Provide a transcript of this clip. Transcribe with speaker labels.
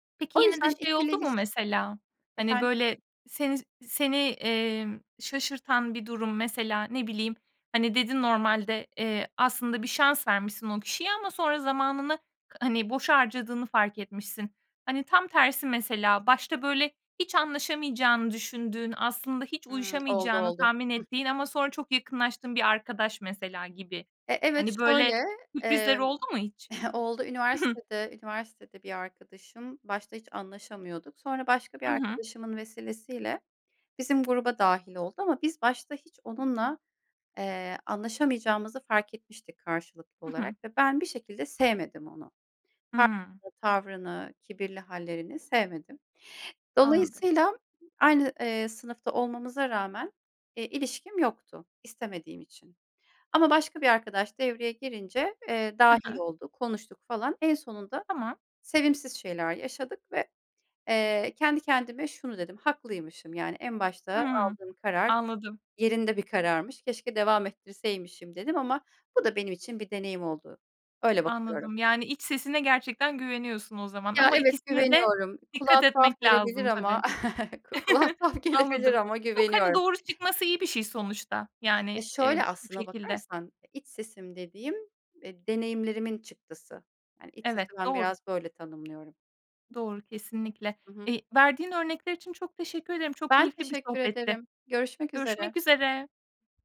Speaker 1: Peki,
Speaker 2: O
Speaker 1: yine de
Speaker 2: yüzden
Speaker 1: şey
Speaker 2: ikili
Speaker 1: oldu mu
Speaker 2: iliş
Speaker 1: mesela, hani,
Speaker 2: Efendim?
Speaker 1: böyle, seni seni, emm, şaşırtan bir durum mesela? Ne bileyim, hani, dedin, normalde, eee, aslında bir şans vermişsin o kişiye ama sonra zamanını, hani, boşa harcadığını fark etmişsin. Hani, tam tersi mesela, başta böyle hiç anlaşamayacağını düşündüğün, aslında hiç
Speaker 2: Hımm. Oldu,
Speaker 1: uyuşamayacağını
Speaker 2: oldu.
Speaker 1: tahmin
Speaker 2: Hıh.
Speaker 1: ettiğin ama sonra çok yakınlaştığın bir arkadaş, mesela, gibi.
Speaker 2: E evet,
Speaker 1: Hani, böyle
Speaker 2: şöyle,
Speaker 1: sürprizler
Speaker 2: eee,
Speaker 1: oldu mu hiç?
Speaker 2: oldu. Üniversitede üniversitede bir arkadaşım, başta hiç anlaşamıyorduk. Sonra başka bir
Speaker 1: Hı hı.
Speaker 2: arkadaşımın vesilesiyle bizim gruba dâhil oldu. Ama biz başta hiç onunla, eee, anlaşamayacağımızı fark etmiştik karşılıklı
Speaker 1: Hı
Speaker 2: olarak
Speaker 1: hı.
Speaker 2: ve ben bir şekilde sevmedim onu.
Speaker 1: Hımm.
Speaker 2: [unintelligible] Tavrını, kibirli hâllerini sevmedim.
Speaker 1: Anladım.
Speaker 2: Dolayısıyla aynı, eee, sınıfta olmamıza rağmen, eee, ilişkim yoktu, istemediğim için ama başka bir arkadaş devreye girince, eee,
Speaker 1: Hı
Speaker 2: dâhil
Speaker 1: hı.
Speaker 2: oldu, konuştuk falan. En sonunda
Speaker 1: Tamam.
Speaker 2: sevimsiz şeyler yaşadık ve, eee, kendi kendime şunu dedim: “Haklıymışım.” Yani, "En başta
Speaker 1: Hımm.
Speaker 2: aldığım karar
Speaker 1: Anladım.
Speaker 2: yerinde bir kararmış, keşke devam ettirseymişim." dedim ama bu da benim için bir deneyim oldu. Öyle bakıyorum.
Speaker 1: Anladım, yani, iç sesine gerçekten güveniyorsun o zaman.
Speaker 2: Ya,
Speaker 1: Ama
Speaker 2: evet,
Speaker 1: ikisine de
Speaker 2: güveniyorum. Kulağa
Speaker 1: dikkat
Speaker 2: tuhaf
Speaker 1: etmek
Speaker 2: gelebilir
Speaker 1: lazım
Speaker 2: ama
Speaker 1: tabii.
Speaker 2: ku kulağa tuhaf gelebilir
Speaker 1: Anladım.
Speaker 2: ama
Speaker 1: Yok, hani,
Speaker 2: güveniyorum.
Speaker 1: doğru çıkması iyi bir şey sonuçta,
Speaker 2: Ya,
Speaker 1: yani,
Speaker 2: şöyle,
Speaker 1: eee, bu
Speaker 2: aslına
Speaker 1: şekilde.
Speaker 2: bakarsan, eee, iç sesim dediğim, eee, deneyimlerimin çıktısı. Hani, iç sesi
Speaker 1: Evet
Speaker 2: ben
Speaker 1: doğru.
Speaker 2: biraz böyle tanımlıyorum.
Speaker 1: Doğru, kesinlikle.
Speaker 2: Hı hı.
Speaker 1: Eee, verdiğin örnekler için çok teşekkür ederim, çok
Speaker 2: Ben
Speaker 1: keyifli bir
Speaker 2: teşekkür
Speaker 1: sohbetti.
Speaker 2: ederim. Görüşmek üzere.
Speaker 1: Görüşmek üzere.